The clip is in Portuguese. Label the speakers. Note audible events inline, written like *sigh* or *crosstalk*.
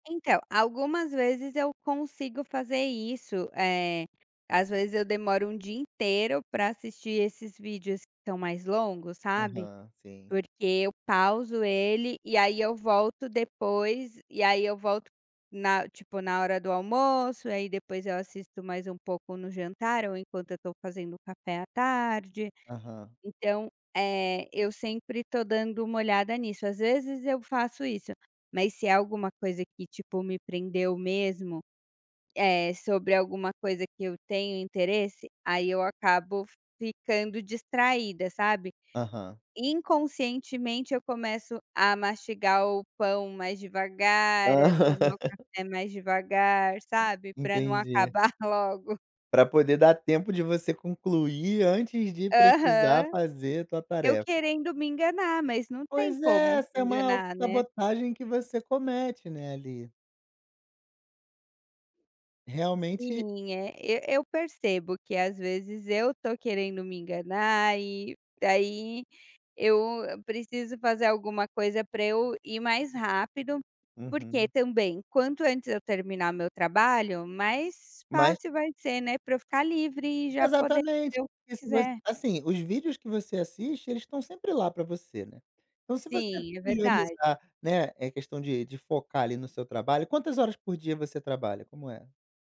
Speaker 1: Então, algumas vezes eu consigo fazer isso, eh, às vezes, eu demoro 1 dia inteiro pra assistir esses vídeos que estão mais longos, sabe.
Speaker 2: Aham, sim.
Speaker 1: Porque eu pauso ele e aí eu volto depois e aí eu volto na tipo, na hora do almoço e aí depois eu assisto mais um pouco no jantar ou enquanto eu tô fazendo o café à tarde,
Speaker 2: Aham.
Speaker 1: então, eh, eu sempre estou dando uma olhada nisso. Às vezes, eu faço isso, mas se é alguma coisa que tipo, me prendeu mesmo, eh, sobre alguma coisa que eu tenho interesse aí eu acabo ficando distraída, sabe?
Speaker 2: Aham.
Speaker 1: Inconscientemente eu começo a mastigar o pão mais devagar, a tomar o
Speaker 2: *laughs*
Speaker 1: café mais devagar, sabe, para não
Speaker 2: Entendi.
Speaker 1: acabar logo.
Speaker 2: Pra poder dar tempo de você concluir antes de precisar
Speaker 1: Aham.
Speaker 2: fazer a tua
Speaker 1: Eu
Speaker 2: tarefa.
Speaker 1: querendo me enganar, mas não tem
Speaker 2: Pois é,
Speaker 1: como
Speaker 2: essa
Speaker 1: se
Speaker 2: é uma
Speaker 1: enganar, né.
Speaker 2: autossabotagem que você comete, né, ali. Realmente
Speaker 1: Sim. É, e eu percebo que, às vezes, eu tô querendo me enganar e daí eu preciso fazer alguma coisa para eu ir mais rápido, porque
Speaker 2: Uhum.
Speaker 1: também quanto antes eu terminar meu trabalho mais
Speaker 2: Mas
Speaker 1: fácil vai ser, né, para eu ficar livre e já poder
Speaker 2: Exatamente,
Speaker 1: ver o
Speaker 2: porque
Speaker 1: que
Speaker 2: se você
Speaker 1: quiser.
Speaker 2: assim, os vídeos que você assiste eles estão sempre lá para você, né, então se você
Speaker 1: Sim, é verdade.
Speaker 2: priorizar né, é questão de de focar ali no seu trabalho quantas horas por dia você trabalha, como é?